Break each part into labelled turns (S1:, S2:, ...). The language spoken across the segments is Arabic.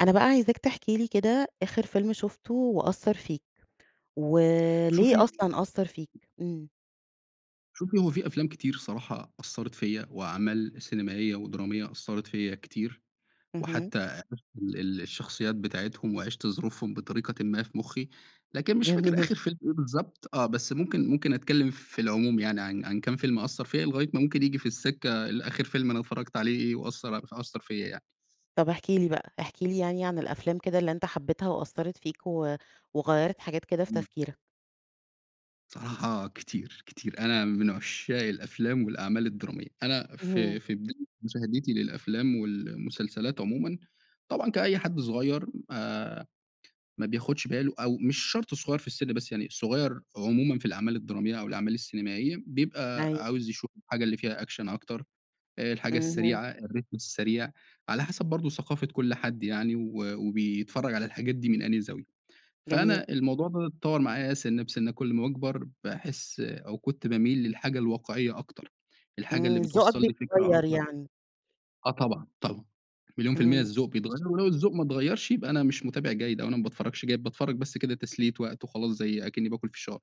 S1: أنا بقى عايزاك تحكي لي كده آخر فيلم شُفته، وأثّر فيك، وليه
S2: شوفي
S1: أصلًا أثّر فيك؟ إمم.
S2: شوفي، هو في أفلام كتير صراحة أثّرت فيّا، وأعمال سينمائية، ودرامية أثّرت فيّا كتير.
S1: اهم.
S2: وحتى عرفت ال الشخصيات بتاعتهم، وعِشت ظروفهم بطريقةً ما في مُخّي. لكن مش فاكر
S1: جميل.
S2: آخر فيلم إيه بالضبط، آه. بس ممكن ممكن أتكلّم في العموم يعني عن عن كام فيلم أثّر فيّا، لغاية ما ممكن ييجي في السكة ال آخر فيلم أنا اتفرّجت عليه إيه، وأثّر ع فأثّر فيّا يعني.
S1: طب احكِ لي بقى، احكِ لي يعني عن الأفلام كده اللي أنت حبّيتها، وأثّرت فيك، و وغيّرت حاجات كده في
S2: إمم.
S1: تفكيرك؟
S2: بصراحة كتير، كتير. أنا من عشّاق الأفلام، والأعمال الدرامية. أنا
S1: اهم.
S2: في في بداية مشاهدتي للأفلام، والمسلسلات عمومًا، طبعًا كأي حد صغير، آآ، ما بياخدش باله، أو مش شرط صغير في السن، بس يعني صغير عمومًا في الأعمال الدرامية، أو الأعمال السينمائية، بيبقى
S1: أيوه.
S2: عاوز يشوف الحاجة اللي فيها أكشن أكتر، الحاجة
S1: اهم.
S2: السريعة، الريتم السريع، على حسب برضه ثقافة كل حد يعني، و وبيتفرّج على الحاجات دي من أنهي زاوية.
S1: جميل.
S2: فأنا الموضوع فضِل يتطوّر معايا سِنِّة، بسِنِّة كل أما باكبر، باحس أو كنت باميل للحاجة الواقعية أكتر، الحاجة اللي
S1: آمم، ذوقك
S2: بتوصّل لي فكرة
S1: بيتغيّر
S2: أكتر.
S1: يعني.
S2: آه طبعًا. طبعًا. مليون في المِيِّة
S1: إمم.
S2: الذوق بيتغيّر، ولو الذوق ما اتغيّرش، يبقى أنا مش مُتابع جيد، أو أنا ما باتفرّجش جيد، باتفرّج بس كده تسلية وقت وخلاص، زي أكنّي باكل فشار.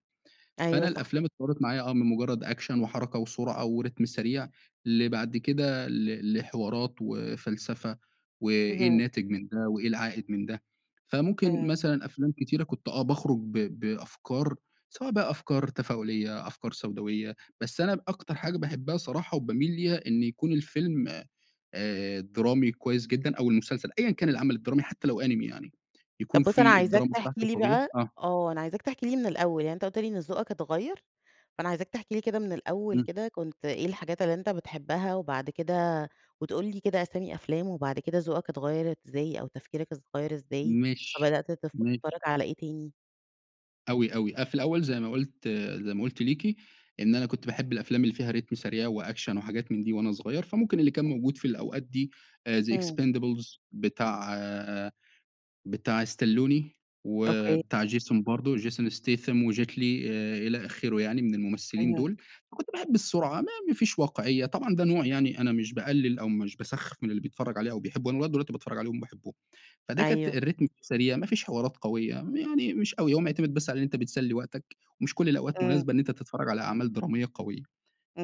S2: فأنا
S1: أيوه صح.
S2: الأفلام اتطوّرت معايا آه، من مُجرّد أكشن، وحركة، وسرعة، وريتم سريع لبعد كده ل لحوارات، وفلسفة، وإيه
S1: اهم.
S2: الناتج من ده، وإيه العائد من ده. فممكن
S1: إمم
S2: مثلًا أفلام كتيرة كنت آه باخرج ب بأفكار، سواء بقى أفكار تفاؤلية، أفكار سوداوية. بس أنا ب أكتر حاجة باحبها صراحة، وباميل ليها، إن يكون الفيلم آآ درامي كويس جدًا، أو المسلسل، أيًا كان العمل الدرامي، حتى لو أنمي يعني. يكون
S1: طب بُص، أنا
S2: في
S1: عايزاك
S2: الدراما
S1: تحكي
S2: بتاعته
S1: لي
S2: قوية
S1: بقى
S2: آه.
S1: آه. أنا عايزاك تحكي لي من الأول، يعني أنت قُلت لي إن ذوقك اتغيّر، فأنا عايزاك تحكي لي كده من الأول
S2: إمم.
S1: كده كنت إيه الحاجات اللي أنت بتحبها، وبعد كده وتقول لي كده أسامي أفلام، وبعد كده ذوقك اتغيّر إزاي، أو تفكيرك اتغيّر إزاي،
S2: ماشي،
S1: فبدأت
S2: ما
S1: تتفرّج على إيه تاني؟
S2: أوي، أوي، أنا في الأوّل زي ما قلت زي ما قلت ليكِ إن أنا كنت باحب الأفلام اللي فيها ريتم سريع وأكشن وحاجات من دي وأنا صغيّر، فممكن اللي كان موجود في الأوقات دي آآ the
S1: امم.
S2: expendables بتاع بتاع ستالون، و
S1: أوكي.
S2: بتاع جيسون برضو جيسون ستاثام، وجيت لي إ إلى آخره يعني من الممثّلين
S1: اهم.
S2: دول، فكنت باحب السرعة ما ما فيش واقعيّة، طبعًا ده نوع يعني أنا مش باقلل أو مش باسخف من اللي بيتفرج عليه أو بيحبه، أنا لغاية دلوقتي باتفرج عليهم باحبهم. فده كانت
S1: أيوه.
S2: الريتم فيه سريع ما فيش حوارات قويّة ما يعني مش أوي هو معتمد بس على أنت بتسلي وقتك، ومش كل الأوقات
S1: امم.
S2: مناسبة إن أنت تتفرّج على أعمال درامية قويّة،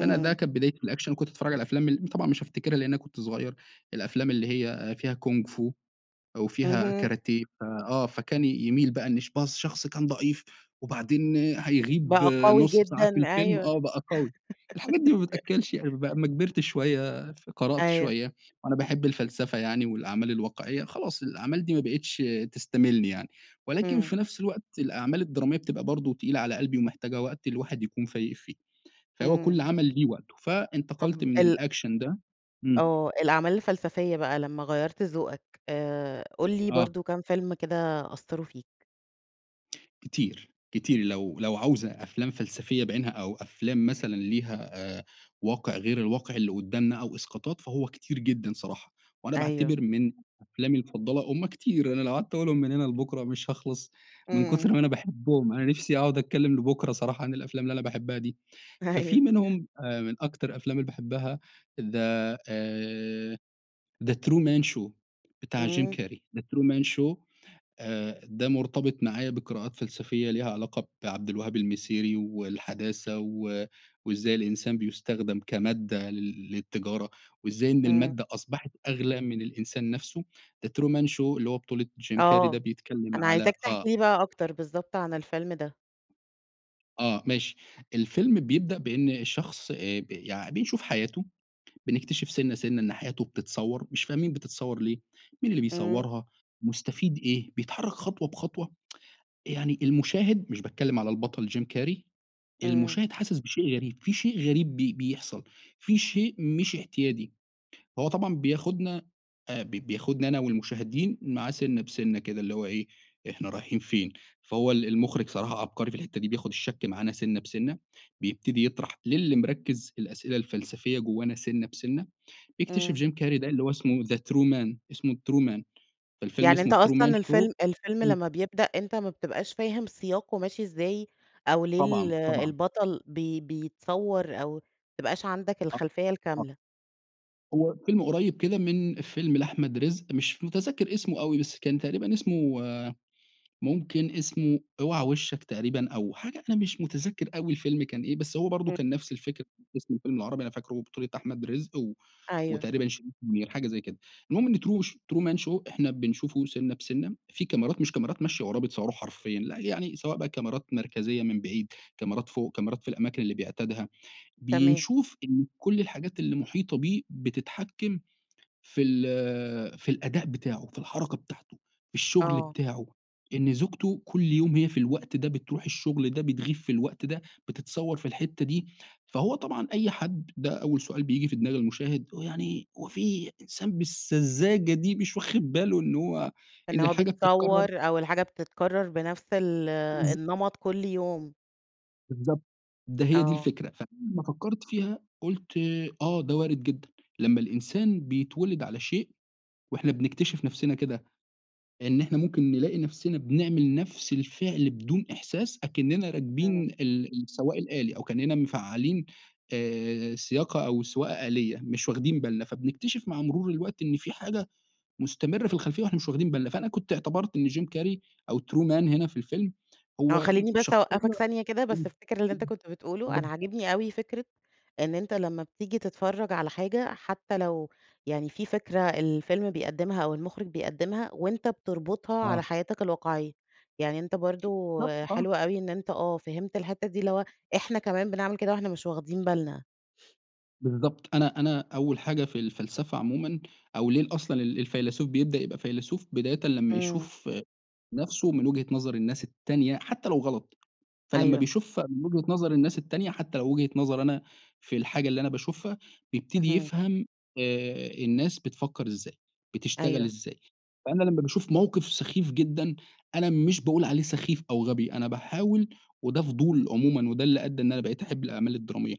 S2: فأنا ده كانت بدايتي في الأكشن وكنت باتفرّج على الأفلام ال طبعًا مش هافتكرها لأن أنا كنت صغيّر، الأفلام اللي هي فيها كونغ فو وفيها
S1: اهم.
S2: كاراتيه في آه فكان ي يميل بقى إن ش بقى الشخص كان ضعيف، وبعدين هيغيب
S1: بقى قوي
S2: نُص ساعة في
S1: جدًا،
S2: الفيلم
S1: أيوه.
S2: آه، بقى قوي الحاجات دي ما بتأكلش عيش بقى لمّا كبرت شويّة ف قرأت
S1: أيوه.
S2: شويّة، وأنا باحب الفلسفة يعني والأعمال الواقعيّة، خلاص الأعمال دي ما بقتش تستميلني يعني، ولكن
S1: امم.
S2: في نفس الوقت الأعمال الدرامية بتبقى برضو تقيلة على قلبي ومحتاجة وقت الواحد يكون فايق فيه، فهو
S1: امم.
S2: كل عمل ليه وقته، فانتقلت
S1: طب
S2: من
S1: ال
S2: الأكشن ده، امم.
S1: آه، الأعمال الفلسفية بقى لما غيّرت ذوقك آآ، قُل لي
S2: آه.
S1: برضه كام فيلم كده أثروا فيك؟
S2: كتير، كتير لو لو عاوزة أفلام فلسفية بِعِينها أو أفلام مثلًا ليها آآ، واقع غير الواقع اللي قدامنا أو إسقاطات فهو كتير جدًا صراحة، وأنا
S1: أيوه.
S2: باعتبر من أفلامي المفضلة هُم كتير أنا لو قعدت اقولهم من هنا لبكرة مش هاخلص من كتر
S1: إمم.
S2: ما أنا باحبهم، أنا نفسي أقعد اتكلم لبكرة صراحة عن الأفلام اللي أنا باحبها دي. ففي
S1: أيوه.
S2: منهم أ من أكتر الأفلام اللي باحبها the آآ، the true man show بتاع جيم
S1: إمم.
S2: كاري the true man show آآ، ده مرتبط معايا بقراءات فلسفية ليها علاقة بعبد الوهاب المسيري والحداثة و وإزاي الإنسان بيُستخدَم كمادة لل للتجارة، وإزاي إن
S1: إمم.
S2: المادة أصبحت أغلى من الإنسان نفسه. the true man show اللي هو بطولة جيم كاري ده
S1: آه،
S2: بيتكلّم
S1: أنا
S2: على
S1: عايزاك تحكي
S2: آه.
S1: لي بقى أكتر بالضبط، عن الفيلم ده.
S2: آه، ماشي، الفيلم بيبدأ بإن الشخص ب يعني بيشوف حياته، بنكتشف سِنّة، سِنّة إن حياته بتتصوّر، مش فاهمين بتتصوّر ليه، مين اللي
S1: إمم.
S2: بيصوّرها؟ مُستفيد إيه؟ بيتحرك خطوة بخطوة. يعني المشاهد- مش باتكلم على البطل جيم كاري-
S1: إمم.
S2: المُشاهد حاسس بشيء غريب في شيء غريب بي بيحصل في شيء مش اعتيادي. هو طبعًا بياخدنا أ ب بياخدنا أنا والمُشاهدين معاه سِنّة بسِنّة كده، اللي هو إيه إحنا رايحين فين؟ فهو ال المُخرج صراحة عبقري في الحتّة دي، بياخد الشَكْ معانا سِنّة بسِنّة، بيبتدي يطرح للي مِركّز في الأسئلة الفلسفية جوانا سِنّة بسِنّة. بيكتشف
S1: إمم.
S2: جيم كاري ده اللي هو اسمه the true man اسمه true man فالفيلم
S1: يعني
S2: اسمه
S1: أنت
S2: true man
S1: أصلًا
S2: show.
S1: الفيلم الفيلم
S2: إمم.
S1: لما بيبدأ أنت ما بتبقاش فاهم سِياقه ماشي إزاي أو ليه ال
S2: طبعًا، طبعًا.
S1: البطل بي بيتصوّر أو ما تبقاش عندك
S2: آه،
S1: الخلفية
S2: آه.
S1: الكاملة؟
S2: هو فيلم قريب كده من فيلم لأحمد رزق مش متذكر اسمه أوي، بس كان تقريبًا اسمه ممكن اسمه أوعى وشك تقريبًا أو حاجة أنا مش متذكر أوي الفيلم كان إيه بس هو برضو
S1: إمم.
S2: كان نفس الفكرة اسم الفيلم العربي أنا فاكره بطولة أحمد رزق و
S1: أيوه.
S2: وتقريبًا شريف منير حاجة زي كده، المهم إن ترو Truman Show إحنا بنشوفه سِنّة بسِنّة في كاميرات مش كاميرات ماشية وراه بتصوره حرفيًا، لأ، يعني سواء بقى كاميرات مركزية من بعيد كاميرات فوق كاميرات في الأماكن اللي بيعتادها،
S1: تمام.
S2: بينشوف إنّه كل الحاجات اللي المحيطة بيه بتتحكم في ال في الأداء بتاعه في الحركة بتاعته في الشغل
S1: آه.
S2: بتاعه، إن زوجته كل يوم هي في الوقت ده بتروح الشغل ده بتغيب في الوقت ده بتتصور في الحتّة دي، فهو طبعًا أي حد ده أوّل سؤال بييجي في دماغ المشاهد "هو يعني هو في إنسان بالسذاجة دي، مش واخد باله إن هو
S1: إن
S2: إن
S1: هو
S2: الحاجة بتتكرر؟"
S1: بيتصور، أو الحاجة بتتكرر بنفس ال
S2: بالض
S1: النمط كل يوم.
S2: بالضبط، ده هي دي
S1: آه
S2: الفكرة فلما فكرت فيها قلت آه، ده وارد جدًا لمّا الإنسان بيتولد على شيء وإحنا بنكتشف نفسنا كده، إن إحنا ممكن نلاقي نفسنا بنعمل نفس الفعل بدون إحساس، أكننا راكبين
S1: امم.
S2: ال السواق الآلي أو كأننا مفعلين آآ، سياقة أو سواقة آلية، مش واخدين بالنا، فبنكتشف مع مرور الوقت إن في حاجة مستمرة في الخلفيّة وإحنا مش واخدين بالنا، فأنا كنت اعتبرت إن جيم كاري أو True man هنا في الفيلم
S1: آه،
S2: هو
S1: خلّيني بس
S2: شخصيّة
S1: أوقفك
S2: إمم،
S1: ثانية كده
S2: امم،
S1: بس الفكرة اللي أنت كنت بتقوله، أنا
S2: امم.
S1: عاجبني أوي فكرة إن أنت لمّا بتيجي تتفرّج على حاجة حتّى لو يعني في فكرة الفيلم بيقدمها أو المخرج بيقدمها، وأنت بتربطها على
S2: آه.
S1: حياتك الواقعيّة، يعني أنت برضو
S2: بالضبط، آه.
S1: حلوة أوي إن أنت آه، فهمت الحتّة دي اللي هو إحنا كمان بنعمل كده وإحنا مش واخدين بالنا.
S2: بالضبط، أنا أنا أوّل حاجة في الفلسفة عمومًا أو ليه أصلًا ال الفيلسوف بيبدأ يبقى فيلسوف؟ بدايةً لمّا
S1: امم.
S2: يشوف نفسه من وجهة نظر الناس التانية حتّى لو غلط، فلما
S1: أيوه.
S2: بيشوف من وجهة نظر الناس التانية حتّى لو وجهة نظري أنا في الحاجة اللي أنا باشوفها بيبتدي
S1: اهم.
S2: يفهم آآ، الناس بتفكر إزاي، بتشتغل
S1: أيوه.
S2: إزاي، فأنا لمّا باشوف موقف سخيف جدًا أنا مش بأقول عليه سخيف أو غبي أنا باحاول وده فضول عمومًا وده اللي أدى إن أنا بقيت أحب الأعمال الدرامية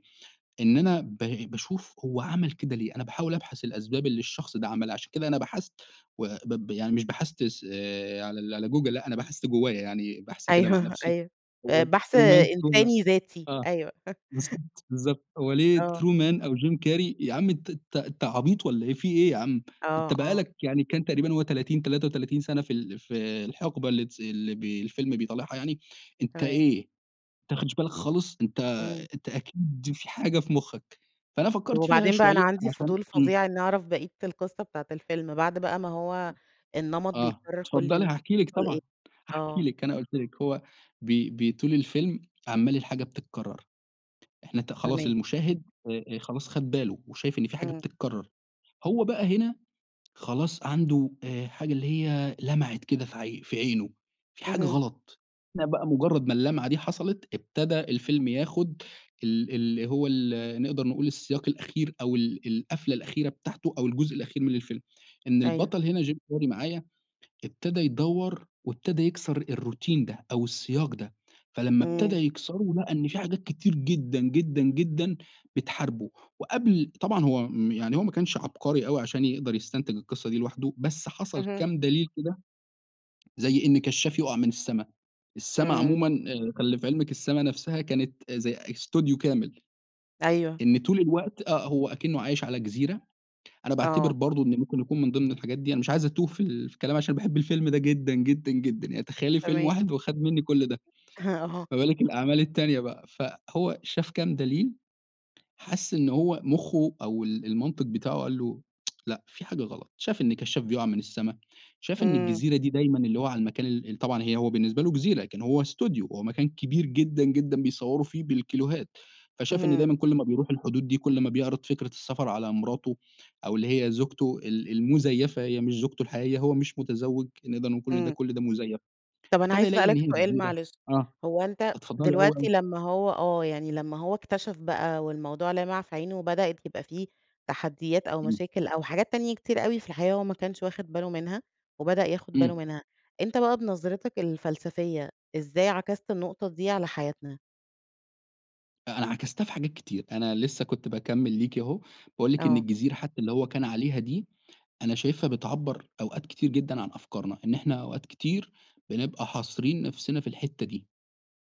S2: إن أنا ب باشوف هو عمل كده ليه؟ أنا باحاول أبحث الأسباب اللي الشخص ده عملها عشان كده أنا بحثت و ب ب يعني مش بحثت آآ، على على google لأ أنا بحثت جوّايا يعني بحث كده مع
S1: أيوه،
S2: نفسي
S1: أيوه،
S2: هو
S1: آآ، بحث
S2: True man [unintelligible]
S1: إنساني ذاتي،
S2: آه
S1: أيوه.
S2: بالضبط، بالضبط هو ليه
S1: آه.
S2: True man أو Jim Carrey يا عم أنت ت أنت عبيط والّا إيه، في إيه يا عم؟
S1: آه،
S2: أنت بقى
S1: آه.
S2: لك يعني كان تقريبًا هو 30 33 سنة في ال في الحقبة اللي تس اللي بي الفيلم بيطالعها يعني أنت
S1: تمام.
S2: إيه؟ أنت ما أخدتش بالك خالص؟ أنت
S1: امم.
S2: أنت أكيد فيه حاجة في مخّك، فأنا
S1: طب،
S2: فكرت فيها
S1: وبعدين بقى أنا
S2: شويّة
S1: عندي
S2: عشان
S1: فضول
S2: امم.
S1: فظيع إنّي أعرف بقية القصّة بتاعة الفيلم، بعد بقى ما هو
S2: [unintelligible]
S1: النمط
S2: آه،
S1: بيتكرر كل
S2: اتفضلي
S1: يوم،
S2: هأحكي لِك
S1: بيحصل إيه؟
S2: طبعًا، هأحكي
S1: آه.
S2: لِك، أنا قُلت لِك هو بي بيطول الفيلم عمّال الحاجة بتتكرر إحنا ت خلاص
S1: تمام.
S2: المشاهد آآ، خلاص خد باله وشايف إن فيه حاجة
S1: امم.
S2: بتتكرر، هو بقى هنا خلاص عنده آآ، حاجة اللي هي لمعت كده في ع في عينه فيه حاجة
S1: اهم.
S2: غلط لقي بقى مجرّد ما اللمعة دي حصلت ابتدى الفيلم ياخد ال اللي هو ال نقدر نقول السياق الأخير أو ال القفلة الأخيرة بتاعته أو الجزء الأخير من الفيلم، إن
S1: أيوه.
S2: البطل هنا Jim Carrey معايا ابتدى يدور وابتدى يكسر الروتين ده، أو السياق ده، فلما ابتدا
S1: امم.
S2: يكسره لقي إن في حاجات كتير جدًا، جدًا، جدًا، بتحاربه وقبل طبعًا هو آمم، يعني هو ما كانش عبقري أوي عشان يقدر يستنتج القصّة دي لوحده، بس حصل
S1: اهم.
S2: كام دليل كده زي إن كشّاف يقع من السما، السما
S1: امم.
S2: عمومًا آآ، خلّي في علمِك السما نفسها كانت زي استوديو كامل.
S1: أيوه.
S2: إن طول الوقت آه، هو أكنه عايش على جزيرة أنا باعتبر
S1: آه.
S2: برضو إن ممكن يكون من ضمن الحاجات دي أنا مش عايز أتوه فال فالكلام عشان باحب الفيلم ده جدًا، جدًا، جدًا، يعني تخيّلي فيلم
S1: تمام.
S2: واحد وخد مِنّي كل ده،
S1: اهم، أها.
S2: فبالك الأعمال التانية بقى؟ فهو شاف كام دليل حس إن هو مخه أو ال المنطق بتاعه قال له لأ فيه حاجة غلط، شاف إن كشّاف بيقع من السما، شاف إن
S1: امم.
S2: الجزيرة دي دايمًا اللي هو على المكان ال ال طبعًا هي هو بالنسبة له جزيرة لكن هو استوديو، هو مكان كبير جدًا، جدًا، بيصوروا فيه بالكيلوهات، فشاف إن
S1: اهم.
S2: دايمًا كل ما بيروح الحدود دي كل ما بيعرض فكرة السفر على مراته أو اللي هي زوجته ال المزيفة هي مش زوجته الحقيقة هو مش متزوج، نقدر نقول كل ده،
S1: امم.
S2: كل ده مزيف.
S1: طب أنا
S2: ابتدي
S1: عايزة
S2: يلاقي
S1: أسأل
S2: إن
S1: لك
S2: هي
S1: سؤال
S2: جزيرة
S1: معلش،
S2: آه،
S1: هو أنت
S2: اتفضلي أوي،
S1: دلوقتي
S2: أوي.
S1: لمّا هو آه، يعني لمّا هو اكتشف بقى والموضوع لِمع في عينه وبدأت يبقى فيه تحديات أو
S2: امم.
S1: مشاكل أو حاجات تانية كتير أوي في الحقيقة هو ما كانش واخد باله منها، وبدأ ياخد باله
S2: امم.
S1: منها، أنت بقى بنظرتك الفلسفية إزاي عكست النقطة دي على حياتنا؟
S2: أنا عكَستها في حاجات كتير، أنا لسّه كنت باكمل ليكِ أهو، باقول لِك إن
S1: آه.
S2: الجزيرة حتّى اللي هو كان عليها دي، أنا شايفها بتعبر أوقات كتير جدًا عن أفكارنا، إن إحنا أوقات كتير بنبقى حاصرين نفسنا في الحتّة دي،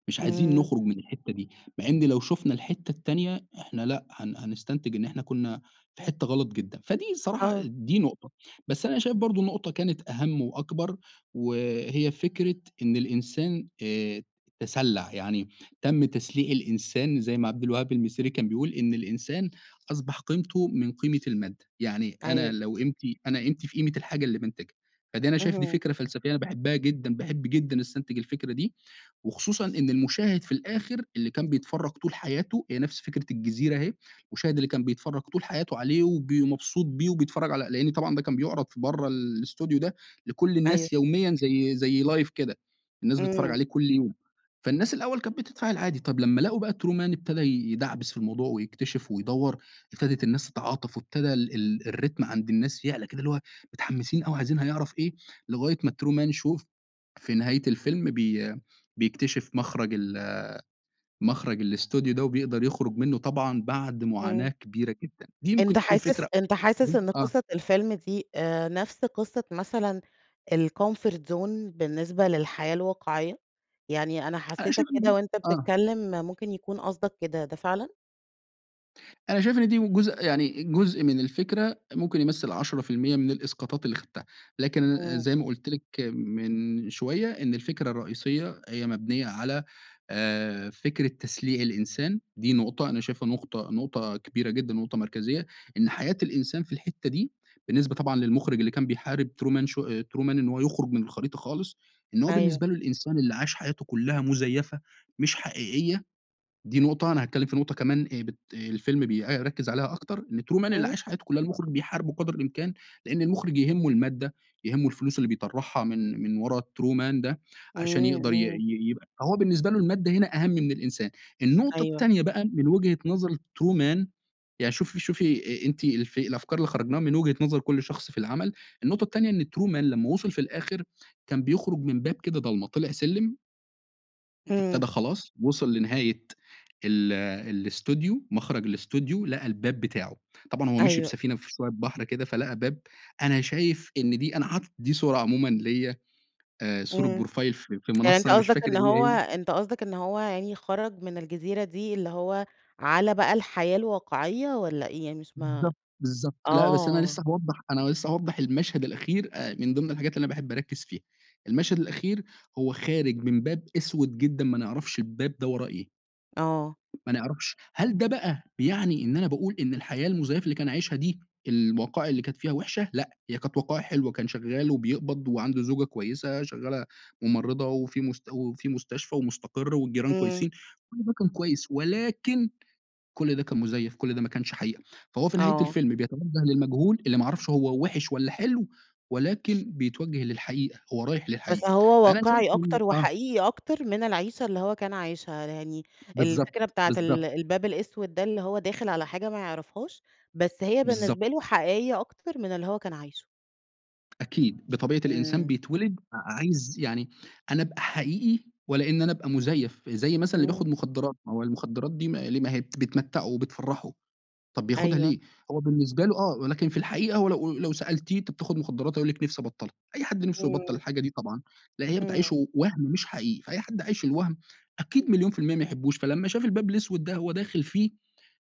S2: مش عايزين
S1: إمم.
S2: نخرج من الحتّة دي، مع إن لو شوفنا الحتّة التانية إحنا لأ، هن هنستنتج إن إحنا كنّا في حتّة غلط جدًا، فدي الصراحة
S1: آه.
S2: دي نقطة، بس أنا شايف برضو نقطة كانت أهم وأكبر وهي فكرة إن الإنسان آآ، تسلع، يعني تم تسليع الإنسان زي ما عبد الوهاب المسيري كان بيقول، إن الإنسان أصبح قيمته من قيمة المادة، يعني
S1: أيوه.
S2: أنا لو قيمتي أنا قيمتي في قيمة الحاجة اللي بانتجها. فدي أنا شايف دي
S1: اهم.
S2: فكرة فلسفية أنا باحبها جدًا باحب جدًا أستنتج الفكرة دي، وخصوصًا إن المُشاهد في الآخر اللي كان بيتفرج طول حياته هي نفس فكرة الجزيرة أهي، المُشاهد اللي كان بيتفرج طول حياته عليه وب مبسوط بيه وبيتفرج على لأن طبعًا ده كان بيعرض في برّه ال الأستوديو ده لكل
S1: أيوه.
S2: الناس يوميًا زي زي لايڤ كده الناس بتتفرج
S1: إمم.
S2: عليه كل يوم، فالناس الأوّل كانت بتتفاعل عادي طب لمّا لقوا بقى ترومان ابتدى يدعبِس في الموضوع ويكتشف ويدور، ابتدت الناس تتعاطف وابتدا ال ال الريتم عند الناس يعلى كده اللي هو متحمسين أوي عايزين هيعرف إيه لغاية ما الترومان شو في نهاية الفيلم بي بيكتشف مخرَج ال مخرَج الأستوديو ده وبيقدَر يخرُج منُّه طبعًا بعد معاناة
S1: إمم.
S2: كبيرة جدًا. دي ممكن
S1: أنت
S2: تكون
S1: حاسس
S2: فكرة
S1: أنت حاسس إن
S2: آه.
S1: قصّة الفيلم دي آآ، نفس قصّة مثلًا الcomfort zone بالنسبة للحياة الواقعيّة؟ يعني أنا حسيتك كده
S2: [unintelligible]
S1: وأنت
S2: آه.
S1: بتتكلّم ممكن يكون قصدك كده ده فعلًا؟
S2: أنا شايف إن دي من جزء يعني جزء من الفكرة ممكن يُمَثِّل 10% من الإسقاطات اللي خَدْتِهَا لكن ل
S1: إمم.
S2: زي ما قلت لِك من شويّة، إن الفكرة الرئيسية هي مبنية على آآ، فكرة تسليع الإنسان، دي نقطة، أنا شايفها نقطة نقطة كبيرة جدًا ونقطة مركزية؛ إن حياة الإنسان في الحتّة دي بالنسبة طبعًا للمخرج اللي كان بيحارب true man show آآ، true man إن هو يخرُج من الخريطة خالص، إن هو
S1: أيوه.
S2: بالنسبة له الإنسان اللي عاش حياته كلّها مزيفة مش حقيقيّة، دي نقطة أنا هاتكلم في نقطة كمان آآ، بت آآ، الفيلم بيركز عليها أكتر إن true man اللي
S1: امم.
S2: عاش حياته كلّها المخرج بيحاربه قدر الإمكان لأن المخرج يهمه المادة، يهمه الفلوس اللي بيطرحها من من ورا الtrue man ده عشان
S1: إمم،
S2: يقدر ي
S1: إمم.
S2: ي يبقى فهو بالنسبة له المادة هنا أهم من الإنسان. النقطة
S1: أيوه.
S2: التانية بقى من وجهة نظر الtrue man يعني شوفي شوفي أ أنتِ في الأفكار اللي خَرّجناها من وجهة نظر كل شخص في العَمَل، النقطة التانية إن true man لمّا وصل في الآخر كان بيخرج من باب كده ضلمه، طلع سلم
S1: إمم.
S2: ابتدى خلاص وصل لنهاية ال الإستوديو، مخرج الإستوديو، لقى الباب بتاعه. طبعًا هو مشي
S1: أيوه.
S2: بسفينة في [unintelligible] بحر كده فلقى باب، أنا شايف إن دي أنا حاطط دي صورة عمومًا ليّا آآ، صورة
S1: إمم،
S2: بروفايل في في
S1: يعني
S2: المنصّة
S1: أنتَ
S2: أنا مش
S1: قصدك
S2: فاكر
S1: إن
S2: هي
S1: هو
S2: إيه.
S1: أنتَ قصدك إن هو يعني خرج من الجزيرة دي اللي هو على بقى الحياة الواقعيّة، والّا إيه يعني؟ مش ما
S2: بالضبط، بالضبط ،لأ بس أنا
S1: آه.
S2: لسّه هاوضح أنا لسّه هاوضح المشهد الأخير آآ، من ضمن الحاجات اللي أنا باحب أركز فيها، المشهد الأخير هو خارج من باب أسود جدًا، ما نعرفش الباب ده وراه إيه.
S1: آه.
S2: ما نعرفش، هل ده بقى بيعني إن أنا باقول إن الحياة المزيفة اللي كان عايشها دي، الوقائع اللي كانت فيها وحشة، لأ، هي كانت وقائع حلوة، كان شغّال وبيقبض وعنده زوجة كويّسة شغّالة ممرضة وفي مس وفي مستشفى ومُسْتَقِرّ والجيران
S1: إمم.
S2: كويسين، كل ده كان كويّس ولكن كل ده كان مزيف، كل ده ما كانش حقيقة. فهو في نهاية
S1: آه.
S2: الفيلم بيتوجه للمجهول اللي ما يعرفش هو وحِش والّا حلو، ولكن بيتوجه للحقيقة، هو رايح
S1: بس
S2: للحقيقة.
S1: هو
S2: فأنا شايف
S1: واقعي
S2: إن
S1: أكتر
S2: آه.
S1: وحقيقي أكتر من العيشة اللي هو كان عايشها، يعني
S2: بالضبط،
S1: الفكرة بتاعة ال
S2: بالضبط.
S1: الباب الأسود ده اللي هو داخل على حاجة ما يعرفهاش، بس هي
S2: بالضبط.
S1: بالنسبة له حقيقيّة أكتر من اللي هو كان عايشه.
S2: أكيد، بطبيعة الإنسان
S1: إمم.
S2: بيتولد ع عايز يعني أنا أبقى حقيقي ولا إن أنا أبقى مزيف. زي مثلًا اللي
S1: إمم.
S2: بياخد مخدرات، ما هو المخدرات دي ما ليه؟ ما هي ل بت بتمتعه وبتفرحه، طب بياخدها
S1: أيوه.
S2: ليه؟ هو بالنسبة له آه، ولكن في الحقيقة هو لو أ لو سألتيه أنت بتاخد مخدرات، هيقول لِك نفسي أبطلها. أي حد نفْسه يبطل
S1: إمم.
S2: الحاجة دي طبعًا لأن هي
S1: إمم.
S2: بتعيّشه وهم مش حقيقي، فأي حد عايش الوهم أكيد مليون في المِيَّة ما يحبوش، فلما شاف الباب الأسود ده هو داخل فيه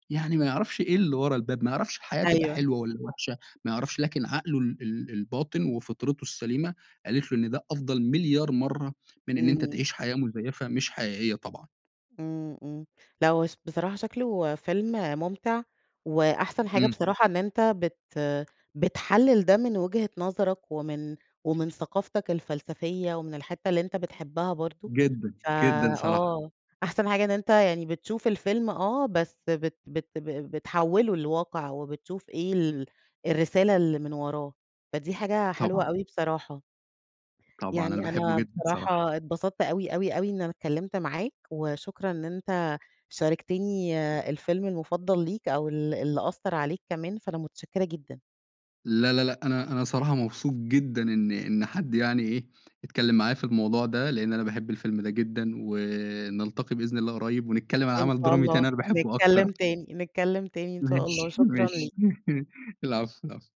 S2: يعني ما يعرفش إيه اللي ورا الباب، ما يعرفش الحياة تبقى
S1: أيوه.
S2: حلوة والّا وحشة، ما يعرفش لكن عقله ال ال الباطن وفطرته السليمة قالت له إن ده أفضل مليار مرّة من إن أنت
S1: إمم.
S2: تعيش حياة مزيفة، مش حقيقيّة طبعًا.
S1: إمم، إمم، لا هو ص بصراحة شكله فيلم ممتع، وأحسن حاجة
S2: إمم.
S1: بصراحة إن أنت بت بتحلل ده من وجهة نظرك ومن ومن ثقافتك الفلسفية ومن الحتة اللي أنت بتحبها برضو،
S2: جدًا،
S1: ف
S2: جدًا صراحة.
S1: آه، أحسن حاجة إن أنت يعني بتشوف الفيلم آه، بس بت بت ب بتحوله لواقع وبتشوف إيه ال الرسالة اللي من وراه، فدي حاجة حلوة
S2: طبعًا.
S1: أوي بصراحة.
S2: طبعًا، أنا
S1: يعني
S2: باحبه
S1: أنا
S2: جدًا صراحة.
S1: بصراحة اتبسطت أوي، أوي، أوي، إن أنا اتكلمت معاك، وشكرًا إن أنت شاركتيني الفيلم المفضل ليك أو ال اللي أثّر عليك كمان، فأنا متشكرة جدًا.
S2: لا، لا، لا، أنا أنا صراحة مبسوط جدًا إن إن حد يعني إيه، إتكلم معايا في الموضوع ده، لأن أنا باحب الفيلم ده جدًا. ونلتقي بإذن الله قريب ونتكلّم عن
S1: إن
S2: عمل
S1: شاء
S2: درامي
S1: الله،
S2: تاني أنا باحبه
S1: نتكلم
S2: أكتر.
S1: تاني، نتكلم تاني،
S2: ماشي،
S1: إن شاء الله، شكرًا
S2: ماشي،
S1: ليك.
S2: العفو، العفو.